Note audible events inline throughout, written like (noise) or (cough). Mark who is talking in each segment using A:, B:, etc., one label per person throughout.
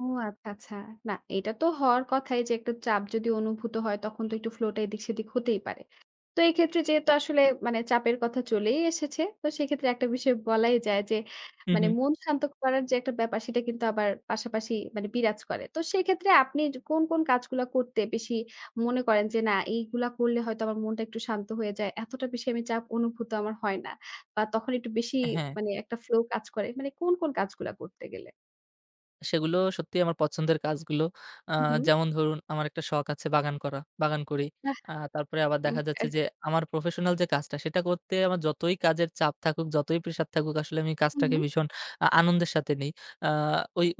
A: ও আচ্ছা, আচ্ছা না এটা তো হওয়ার কথাই যে একটা চাপ যদি অনুভূত হয় তখন তো একটু ফ্লোটা এদিক সেদিক হতেই পারে। তো এই ক্ষেত্রে যেহেতু আসলে মানে চাপের কথা চলেই এসেছে। তো সেক্ষেত্রে একটা বিষয় বলাই যায় যে
B: হুম,
A: মানে
B: হুম।
A: মন শান্ত করার যে একটা ব্যাপার সেটা কিন্তু আবার পাশাপাশি মানে বিরাজ করে। তো সেক্ষেত্রে আপনি কোন, কোন কাজগুলা করতে বেশি মনে করেন যে না এইগুলা করলে হয়তো আমার মনটা একটু শান্ত হয়ে যায় এতটা বেশি আমি চাপ অনুভূত আমার হয় না বা তখন একটু বেশি
B: হ্যাঁ।
A: মানে একটা ফ্লো কাজ করে মানে কোন কোন কাজগুলা করতে গেলে?
B: সেগুলো সত্যিই আমার পছন্দের কাজগুলো আ
A: হুম, হুম।
B: যেমন ধরুন আমার একটা শখ আছে বাগান করা বাগান করি।
A: বাহ,
B: আ তারপরে আবার দেখা
A: ওকে।
B: যাচ্ছে যে আমার প্রফেশনাল যে কাজটা সেটা করতে আমার যতই কাজের চাপ থাকুক, যতই প্রেসার থাকুক আসলে আমি কাজটাকে
A: হুম।
B: ভীষণ আ আনন্দের সাথে নেই। আ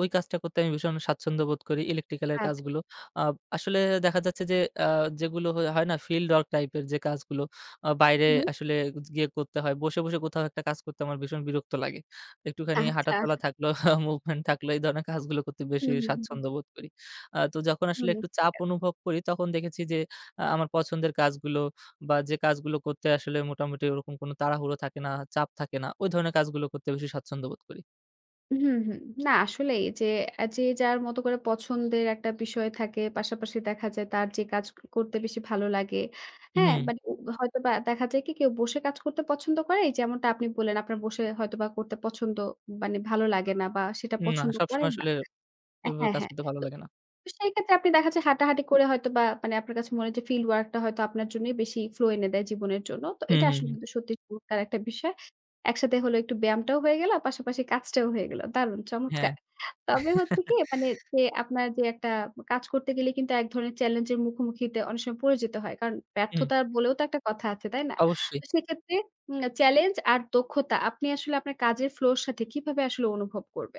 B: ওই কাজটা করতে আমি ভীষণ স্বাচ্ছন্দ্য বোধ করি electrical -এর
A: আচ্ছা।
B: কাজগুলো। আ আসলে দেখা যাচ্ছে যে আ যেগুলো হয় না field work type -এর যে কাজগুলো আ বাইরে
A: হুম।
B: আসলে গিয়ে করতে হয়। বসে, বসে কোথাও একটা কাজ করতে আমার ভীষণ বিরক্ত লাগে। একটুখানি হাঁটা
A: আচ্ছা।
B: চলা থাকলো (chuckles) movement থাকলো এই ধরনের কাজগুলো করতে
A: হুম,
B: বেশি
A: হুম, হুম, হুম।
B: স্বাচ্ছন্দ্য বোধ করি। আ তো যখন আসলে
A: হুম,
B: একটু
A: ঠিক
B: চাপ
A: আছে।
B: অনুভব করি তখন দেখেছি যে আ আমার পছন্দের কাজগুলো বা, যে কাজগুলো করতে আসলে মোটামুটি ওরকম কোন তাড়াহুড়ো থাকে না, চাপ থাকে না ওই ধরনের কাজগুলো করতে বেশি স্বাচ্ছন্দ্য বোধ করি।
A: হুম, হুম, না আসলেই যে, যে যার মতো করে পছন্দের একটা বিষয় থাকে, পাশাপাশি দেখা যায় তার যে কাজ করতে বেশি ভালো লাগে। হ্যাঁ,
B: হুম।
A: মানে হয়তোবা দেখা যায় কি কেউ বসে কাজ করতে পছন্দ করে যেমনটা আপনি বললেন আপনার বসে হয়তোবা করতে পছন্দ মানে ভালো লাগে না বা সেটা
B: না
A: পছন্দ
B: সবসময়
A: করেন না।
B: আসলে এভাবে
A: হ্যাঁ,
B: কাজ
A: হ্যাঁ,
B: করতে ভালো
A: তো
B: লাগে না।
A: সেই ক্ষেত্রে আপনি দেখা যায় হাঁটাহাঁটি করে হয়তো বা, মানে আপনার কাছে মনে হয় যে field work -টা হয়তো আপনার জন্যই বেশি ফ্লো এনে দেয় জীবনের জন্য। তো
B: হুম,
A: এটা
B: হুম,
A: আসলে
B: হুম।
A: কিন্তু সত্যি চমৎকার একটা বিষয়। একসাথে হলে একটু ব্যায়ামটাও হয়ে গেল, পাশাপাশি কাজটাও হয়ে গেল। দারুণ
B: হ্যাঁ।
A: চমৎকার তবে হচ্ছে কি মানে
B: (chuckles)
A: যে আপনার যে একটা কাজ করতে গেলে কিন্তু এক ধরনের চ্যালেঞ্জ এর মুখোমুখিতে অনেক সময় পড়ে যেত হয়। কারণ
B: হুম।
A: ব্যর্থতা বলেও তো একটা কথা আছে, তাই না?
B: অবশ্যই।
A: তো সেক্ষেত্রে উম challenge আর দক্ষতা আপনি আসলে আপনার কাজের ফ্লো এর সাথে কিভাবে আসলে অনুভব করবেন?